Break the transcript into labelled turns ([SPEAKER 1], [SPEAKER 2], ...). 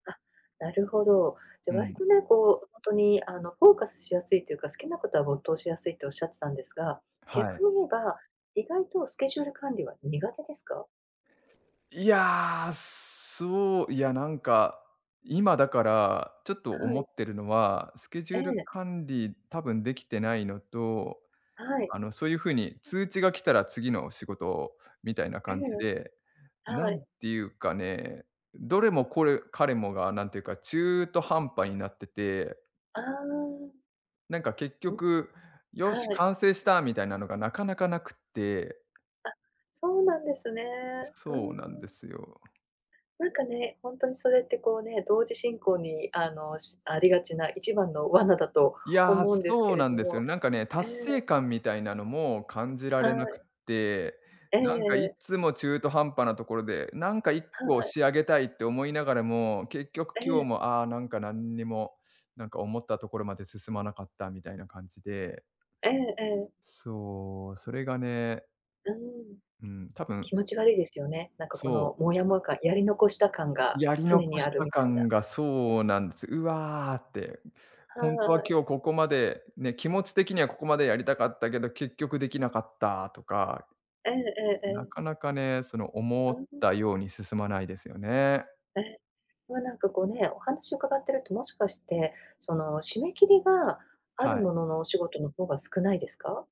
[SPEAKER 1] あ、なるほど。じゃ、
[SPEAKER 2] う
[SPEAKER 1] 割
[SPEAKER 2] ん。
[SPEAKER 1] とね、こう、ほんとに、あの、フォーカスしやすいというか、好きなことは没頭しやすいっておっしゃってたんですが、
[SPEAKER 2] はい。
[SPEAKER 1] 逆に言えば、意外とスケジュール管理は苦手ですか？
[SPEAKER 2] いや、そう、いや、なんか、今だからちょっと
[SPEAKER 1] は
[SPEAKER 2] 思っ
[SPEAKER 1] い。
[SPEAKER 2] てるのは、スケジュ
[SPEAKER 1] え
[SPEAKER 2] ール
[SPEAKER 1] え。
[SPEAKER 2] 管理多分できてないのと、
[SPEAKER 1] はい。
[SPEAKER 2] あの、そういうふうに通知が来たら次の仕事みたいな
[SPEAKER 1] え
[SPEAKER 2] 感じ
[SPEAKER 1] え。
[SPEAKER 2] で、
[SPEAKER 1] は
[SPEAKER 2] 何
[SPEAKER 1] い。
[SPEAKER 2] ていうかね、どれもこれかれもがなんていうか中途半端になってて。
[SPEAKER 1] ああ。
[SPEAKER 2] なんか結
[SPEAKER 1] ん、
[SPEAKER 2] 局、「よし、
[SPEAKER 1] はい。
[SPEAKER 2] 完成した！」みたいなのがなかなかなくって。
[SPEAKER 1] あ、そうなんですね。
[SPEAKER 2] す
[SPEAKER 1] うー
[SPEAKER 2] そうなんで
[SPEAKER 1] ん。
[SPEAKER 2] すよ。
[SPEAKER 1] なんかね、本当にそれって、こうね、同時進行に、あの、しありがちな、一番の罠だと
[SPEAKER 2] いや、
[SPEAKER 1] 思うんです
[SPEAKER 2] そ
[SPEAKER 1] け
[SPEAKER 2] う
[SPEAKER 1] れ
[SPEAKER 2] なん
[SPEAKER 1] ど
[SPEAKER 2] ですよね。
[SPEAKER 1] も。
[SPEAKER 2] なんかね、
[SPEAKER 1] え
[SPEAKER 2] 達
[SPEAKER 1] え。
[SPEAKER 2] 成感みたいなのも感じら
[SPEAKER 1] は
[SPEAKER 2] れなくっ
[SPEAKER 1] い。
[SPEAKER 2] て、
[SPEAKER 1] え
[SPEAKER 2] なんかい
[SPEAKER 1] え。
[SPEAKER 2] つも中途半端なところで、なんかいっ
[SPEAKER 1] は
[SPEAKER 2] こ
[SPEAKER 1] い。
[SPEAKER 2] 仕上げたいって思いながらも、結局
[SPEAKER 1] え
[SPEAKER 2] 今日
[SPEAKER 1] え。
[SPEAKER 2] も、ああ、なんか、なんにも、なんか、思ったところまで進まなかったみたいな感じで。
[SPEAKER 1] ええええ。
[SPEAKER 2] そう。それがね。
[SPEAKER 1] うーん。
[SPEAKER 2] うん、多分
[SPEAKER 1] 気持ち悪いですよね。なんか、こ
[SPEAKER 2] そう。
[SPEAKER 1] の、もやもや感、やり残した感が
[SPEAKER 2] やり
[SPEAKER 1] 常
[SPEAKER 2] 残
[SPEAKER 1] に
[SPEAKER 2] し
[SPEAKER 1] ある
[SPEAKER 2] た
[SPEAKER 1] みたいな。
[SPEAKER 2] 感がそうなんです。うわって。
[SPEAKER 1] は
[SPEAKER 2] ほんとは今
[SPEAKER 1] い。
[SPEAKER 2] 日ここまで、ね、気持ち的にはここまでやりたかったけど、結局できなかったとか。
[SPEAKER 1] えええええ
[SPEAKER 2] な
[SPEAKER 1] え。
[SPEAKER 2] かなかね、その思
[SPEAKER 1] う
[SPEAKER 2] っ
[SPEAKER 1] ん。
[SPEAKER 2] たように進まないですよね。
[SPEAKER 1] え。ま、なんか、こう、ね、お話を伺ってると、もしかして、その締め切りがあ
[SPEAKER 2] は
[SPEAKER 1] る
[SPEAKER 2] い。
[SPEAKER 1] もののお仕事の方が少ないですか？